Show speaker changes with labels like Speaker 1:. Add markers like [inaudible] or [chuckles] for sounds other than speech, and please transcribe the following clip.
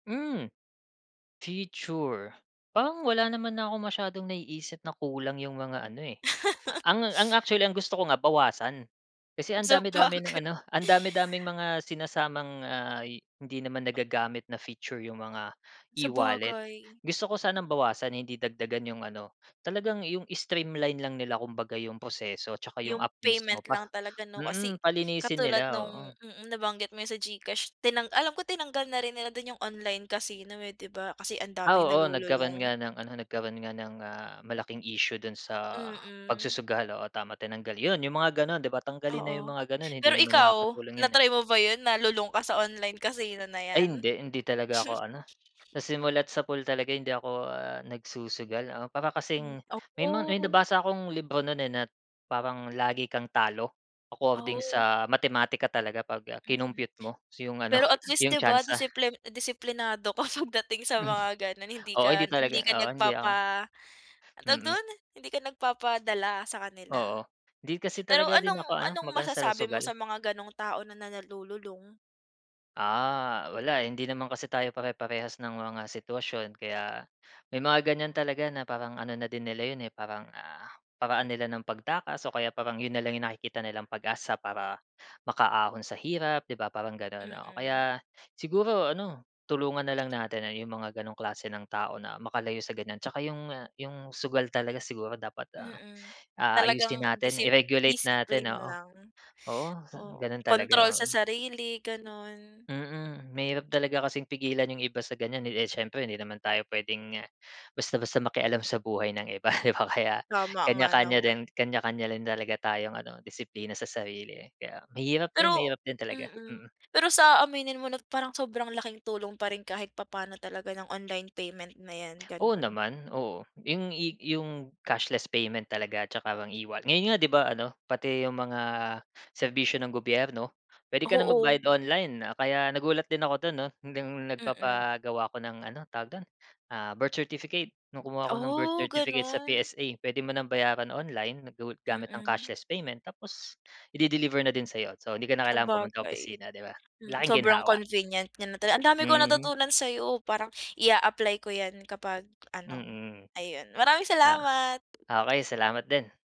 Speaker 1: Hmm, feature, parang wala naman na akong masyadong naiisip na kulang 'yung mga ano, eh. Ang ang
Speaker 2: [chuckles]
Speaker 1: actually ang gusto ko nga bawasan, kasi ang dami, dami ng
Speaker 2: Sabagay.
Speaker 1: ano, ang dami-daming mga sinasamang, ah, hindi naman nagagamit na feature 'yung mga e-wallet.
Speaker 2: Sabagay.
Speaker 1: Gusto ko sanang bawasan hindi dagdagan 'yung ano, talagang 'yung streamline lang nila kumbaga 'yung proseso 'tsaka 'yung app
Speaker 2: 'Yung payment
Speaker 1: mismo pa
Speaker 2: lang talaga 'no, kasi
Speaker 1: mm, palinisin
Speaker 2: katulad
Speaker 1: nila,
Speaker 2: nung
Speaker 1: oo.
Speaker 2: mm, nabanggit mo sa GCash tinang alam ko tinanggal na rin nila dun 'yung online casino, eh, 'di ba kasi ang
Speaker 1: Ah,
Speaker 2: daming
Speaker 1: oo, nagkaroon
Speaker 2: nalululong.
Speaker 1: nga ng ano nagkaroon nga ng, ah, malaking issue dun sa
Speaker 2: Mm.
Speaker 1: pagsusugal, oo tama, tinanggal. 'Yun 'yung mga gano'n 'di ba, tanggalin na 'yung
Speaker 2: Oo,
Speaker 1: mga gano'n hindi
Speaker 2: pero
Speaker 1: naman
Speaker 2: ikaw,
Speaker 1: nakakatulong
Speaker 2: na
Speaker 1: 'yun, eh.
Speaker 2: try mo ba 'yun nalulong ka sa online casino na
Speaker 1: Ay
Speaker 2: 'yan?
Speaker 1: hindi, hindi talaga ako
Speaker 2: [chuckles]
Speaker 1: ano, sa simulat sapol talaga hindi ako, ah, nagsusugal. Ah, para
Speaker 2: Hmm,
Speaker 1: kasing, may mga may
Speaker 2: opo.
Speaker 1: nabasa akong libro no'n, eh, nat parang lagi kang talo, according
Speaker 2: Oh.
Speaker 1: sa matematika talaga pag
Speaker 2: Mm,
Speaker 1: kinumpyut mo 'yung ano,
Speaker 2: pero at least 'di
Speaker 1: 'yung
Speaker 2: ba
Speaker 1: tyansa.
Speaker 2: disiplin disiplinado ka pagdating sa
Speaker 1: Hmm.
Speaker 2: mga gano'n, hindi
Speaker 1: Oo hindi
Speaker 2: ka
Speaker 1: talaga,
Speaker 2: hindi ka
Speaker 1: oo hindi ako.
Speaker 2: nagpapa ang tawag
Speaker 1: Mm.
Speaker 2: dun? Hindi ka nagpapadala sa kanila.
Speaker 1: Oo, 'di kasi
Speaker 2: Pero
Speaker 1: talaga din
Speaker 2: anong
Speaker 1: ako ano,
Speaker 2: anong
Speaker 1: magana sa
Speaker 2: masasabi mo
Speaker 1: sugal.
Speaker 2: sa mga gano'ng tao na na nalululong?
Speaker 1: Ah, wala hindi naman kasi tayo pare-parehas ng mga sitwasyon, kaya may mga ganiyan talaga na parang ano na din nila 'yun, eh, parang, ah, paraan nila ng pagtakas o kaya parang 'yun na lang 'yung nakikita nilang pag-asa para makaahon sa hirap 'di ba, parang gano'n, oo.
Speaker 2: Mm.
Speaker 1: Kaya siguro ano, tulungan na lang natin 'yong mga gano'ng klase ng tao na makalayo sa ganiyan, 'tsaka 'yong 'yong sugal talaga siguro dapat,
Speaker 2: Mm,
Speaker 1: ah, ayusin
Speaker 2: talagang
Speaker 1: natin,
Speaker 2: disip
Speaker 1: i-regulate natin
Speaker 2: disipline
Speaker 1: oo,
Speaker 2: lang,
Speaker 1: oo,
Speaker 2: oo,
Speaker 1: gano'n
Speaker 2: kontrol
Speaker 1: talaga,
Speaker 2: sa
Speaker 1: oo
Speaker 2: sarili gano'n.
Speaker 1: Mm, mahirap talaga kasing pigilan 'yung iba sa ganiyan, eh, eh, siyempre hindi naman tayo puwedeng basta-basta makialam sa buhay ng iba 'di ba, kaya
Speaker 2: Tama nga
Speaker 1: kanya-kanya
Speaker 2: naman.
Speaker 1: din kanya-kanya din talaga tayong ano disiplina sa sarili, kaya, mahirap din
Speaker 2: Pero
Speaker 1: mahirap din talaga,
Speaker 2: mm,
Speaker 1: mm.
Speaker 2: pero sa aaminin mo 'no, parang sobrang laking tulong pa rin kahit papa'no talaga ng online payment na 'yan
Speaker 1: Oo
Speaker 2: gano'n.
Speaker 1: naman, oo. 'Yung i 'yung cashless payment talaga 'tsaka parang e-wa ngayon nga 'di ba ano pati 'yung mga serbisyo ng gobyerno puwede ka na
Speaker 2: Oo.
Speaker 1: magbayad online. Kaya nagulat din ako don 'no, nung
Speaker 2: Mm.
Speaker 1: nagpapagawa ako ng, ano tawag do'n, ah, birth certificate, nung kumuha ako ng birth
Speaker 2: Oh,
Speaker 1: certificate sa
Speaker 2: gano'n.
Speaker 1: PSA. Puwede mo ng bayaran online go gamit ang
Speaker 2: Mm.
Speaker 1: cashless payment tapos i-de-deliver na din sa'yo. So, 'di ka na kailangan pumunta ng
Speaker 2: Sabagay,
Speaker 1: opisina 'di ba,
Speaker 2: mm,
Speaker 1: laking
Speaker 2: sobrang
Speaker 1: ginhawa.
Speaker 2: convenient niya na tala ang dami kong
Speaker 1: Mhm.
Speaker 2: natutunan sayo parang i-aapply ko 'yan kapag ano,
Speaker 1: Mm,
Speaker 2: ayun maraming salamat!
Speaker 1: ah, okey salamat din.